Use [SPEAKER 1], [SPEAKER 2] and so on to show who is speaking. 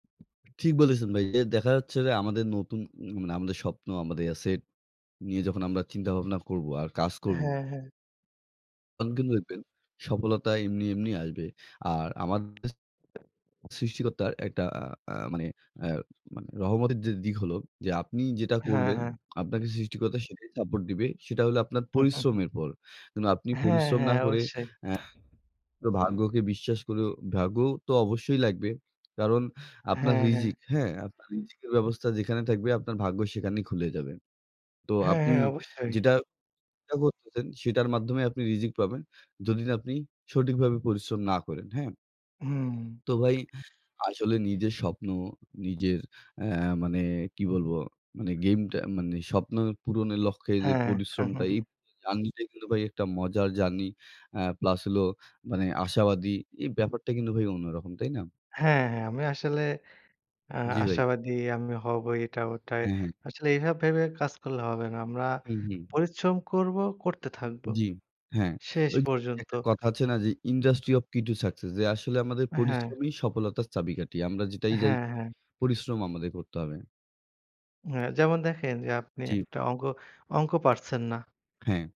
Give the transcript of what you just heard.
[SPEAKER 1] ঠিক বলেছেন ভাই। যে, দেখা যাচ্ছে যে, আমাদের নতুন উম মানে আমাদের স্বপ্ন, আমাদের এসেট নিয়ে যখন আমরা চিন্তা-ভাবনা করব। আর কাজ কর
[SPEAKER 2] হ্যাঁ, হ্যাঁ।
[SPEAKER 1] তন কিন্তু দেখবেন, সফলতা এমনি, এমনি আসবে। আর আমাদের সৃষ্টিকর্তার একটা আ আ মানে আ মানে রহমতের যে, দিক হলো যে, আপনি যেটা
[SPEAKER 2] হ্যাঁ,
[SPEAKER 1] করবেন,
[SPEAKER 2] হ্যাঁ।
[SPEAKER 1] আপনাকে সৃষ্টিকর্তা সেটাই সাপোর্ট দিবে। সেটা হলো আপনার পরিশ্রমের পর। এবং আপনি
[SPEAKER 2] হ্যাঁ।
[SPEAKER 1] পরিশ্রম না
[SPEAKER 2] হ্যাঁ।
[SPEAKER 1] করে
[SPEAKER 2] অবশ্যই।
[SPEAKER 1] অ্যা ভাগ্যকে বিশ্বাস করেও, ভাগ্য তো অবশ্যই লাগবে। কারণ আপনার
[SPEAKER 2] হ্যাঁ, হ্যাঁ।
[SPEAKER 1] রিজিক, হ্যাঁ? আপনার রিজিকের ব্যবস্থা যেখানে থাকবে আপনার ভাগ্য সেখানেই খুলে যাবে। তো
[SPEAKER 2] হ্যাঁ,
[SPEAKER 1] আপনি
[SPEAKER 2] হ্যাঁ। অবশ্যই।
[SPEAKER 1] যেটা চেষ্টা করতেছেন সেটার মাধ্যমে আপনি রিজিক পাবেন। যদি না আপনি সঠিকভাবে পরিশ্রম না করেন। হ্যাঁ
[SPEAKER 2] হুম।
[SPEAKER 1] তো ভাই আসলে নিজের স্বপ্ন, নিজের অ্যা মানে কি বলবো? মানে গেমটা মানে স্বপ্ন পূরণের লক্ষ্যে, যে,
[SPEAKER 2] হ্যাঁ।
[SPEAKER 1] পরিশ্রমটা এই জার্নিটা কিন্তু ভাই একটা মজার জার্নি। অ্যা প্লাস হলো মানে আশাবাদী। এই ব্যাপারটা কিন্তু ভাই অন্যরকম। তাই না?
[SPEAKER 2] হ্যাঁ। হ্যাঁ। আমি আসলে আ
[SPEAKER 1] জি, ভাই।
[SPEAKER 2] আশাবাদী। আমি হব এটা ওটাই।
[SPEAKER 1] হ্যাঁ, হ্যাঁ।
[SPEAKER 2] আসলে এভাব ভেবে কাজ করলে হবে না। আমরা
[SPEAKER 1] হুম, হুম।
[SPEAKER 2] পরিশ্রম করব। করতে থাকবো।
[SPEAKER 1] জি, হ্যাঁ।
[SPEAKER 2] শেষ
[SPEAKER 1] ওইযে
[SPEAKER 2] পর্যন্ত।
[SPEAKER 1] একটা কথা আছে না যে, industry of key to success. যে, আসলে আমাদের
[SPEAKER 2] হ্যাঁ।
[SPEAKER 1] পরিশ্রমী সফলতার চাবিকাঠি। আমরা যেটাই যাই
[SPEAKER 2] হ্যাঁ,
[SPEAKER 1] করি,
[SPEAKER 2] হ্যাঁ।
[SPEAKER 1] পরিশ্রম আমাদের করতে হবে।
[SPEAKER 2] হ্যাঁ। যেমন দেখেন যে, আপনি
[SPEAKER 1] জি।
[SPEAKER 2] একটা অঙ্ক অঙ্ক পারছেন না।
[SPEAKER 1] হ্যাঁ।